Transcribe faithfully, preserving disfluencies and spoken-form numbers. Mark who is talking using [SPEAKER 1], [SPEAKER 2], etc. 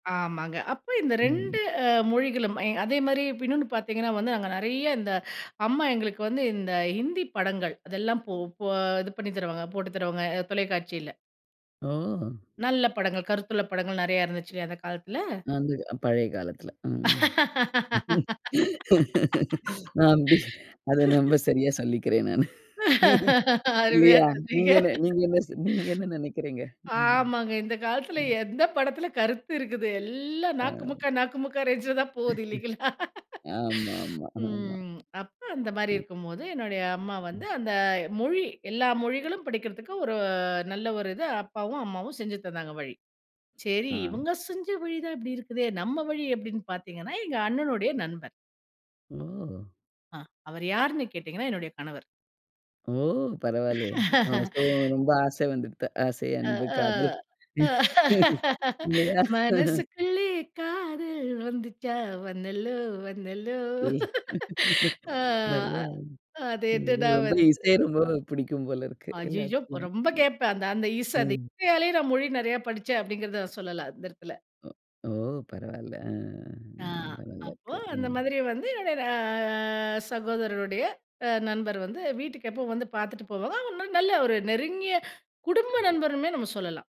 [SPEAKER 1] ஆமாங்க. அப்ப இந்த
[SPEAKER 2] ம்.
[SPEAKER 1] ரெண்டு அ மொழிகளும் அ அதேமாரி இன்னொன்னு பார்த்தீங்கன்னா வந்து, நாங்க நறைய இந்த அம்மா எங்களுக்கு வந்து இந்த ஹிந்தி படங்கள் அதெல்லாம் போ போ இது பண்ணி தருவாங்க, போட்டு தருவாங்க தொலைக்காட்சியில.
[SPEAKER 2] ஓ!
[SPEAKER 1] நல்ல படங்கள். கருத்துள்ள படங்கள் நறைய இருந்துச்சுல்ல அந்த காலத்துல.
[SPEAKER 2] வந்து பழைய காலத்துல ம். நான் அப்டி அத நம்ப சரியா சொல்லிக்கிறேன் நானு.
[SPEAKER 1] அருமையா
[SPEAKER 2] இல்லையா,
[SPEAKER 1] சொன்னீங்க.
[SPEAKER 2] நீங்க என்ன நீங்க என்ன செ நெனைக்கிறீங்க? ம்,
[SPEAKER 1] ஆமாங்க. இந்த காலத்துல
[SPEAKER 2] ம்.
[SPEAKER 1] எந்த படத்துல கருத்து இருக்குது. எல்லாம்
[SPEAKER 2] அ.
[SPEAKER 1] நாக்குமுக்க நாக்குமுக்கா ரேஞ்ச்ல தான் போது இல்லைங்களா?
[SPEAKER 2] ஆமா, ஆமா, ஆமா.
[SPEAKER 1] ம். அப்ப அந்த மாரி
[SPEAKER 2] அ.
[SPEAKER 1] இருக்கும்போது என்னுடைய அம்மா
[SPEAKER 2] ம்.
[SPEAKER 1] வந்து, அந்த மொழி எல்லா மொழிகளும் படிக்கிறதுக்கு ஒரு நல்ல ஒரு இது அப்பாவும், அம்மாவும் செஞ்சு தந்தாங்க வழி. சரி
[SPEAKER 2] அ.
[SPEAKER 1] இவங்க செஞ்ச வழி தான் இப்டி இருக்குதே நம்ம வழி எப்டின்னு பார்த்தீங்கன்னா, எங்க அண்ணனுடைய நண்பர்
[SPEAKER 2] ஓ!
[SPEAKER 1] அ அவர் யார்ன்னு கேட்டீங்கணா என்னுடைய கணவர்.
[SPEAKER 2] ஓ! பரவால்லையே. ஓ! சோ, ரொம்ப ஆசை வந்துடுத்து. ஆசை,
[SPEAKER 1] அ,
[SPEAKER 2] அன்பு, காதல்
[SPEAKER 1] அ
[SPEAKER 2] இல்லையா?
[SPEAKER 1] மனசுக்குள்ளே காதல் வந்துச்சா, வந்தல்லோ, வந்தல்லோ. ஆ
[SPEAKER 2] நல்ல
[SPEAKER 1] அது
[SPEAKER 2] இது
[SPEAKER 1] எதுடா
[SPEAKER 2] ரொம்ப
[SPEAKER 1] வந்து
[SPEAKER 2] இசை ரொம்ப பிடிக்கும் போல இருக்கு
[SPEAKER 1] அய்யயோ!
[SPEAKER 2] எல்லாத்துக்கும்.
[SPEAKER 1] ரொம்ப கேப்பேன் அந்த அந்த இச
[SPEAKER 2] ம்,
[SPEAKER 1] அந்த
[SPEAKER 2] ம்.
[SPEAKER 1] இசையாலே நான் மொழி நறைய படிச்சேன் அப்டிங்கறத சொல்லலாம் அந்த இடத்துல.
[SPEAKER 2] ஒ, ஓ! பரவால்ல
[SPEAKER 1] ஆ
[SPEAKER 2] ரொம்ப அ
[SPEAKER 1] அப்போ
[SPEAKER 2] நல்லாயிருக்கு.
[SPEAKER 1] அந்த
[SPEAKER 2] ம்.
[SPEAKER 1] மாதிரி வந்து என்னுடைய அ சகோதரருடைய அ நண்பர் வந்து வீட்டுக்கு எப்போ வந்து பார்த்துட்டு போவாங்க. நல்ல ஒரு நெருங்கிய குடும்ப நண்பருமே நம்ம சொல்லலாம்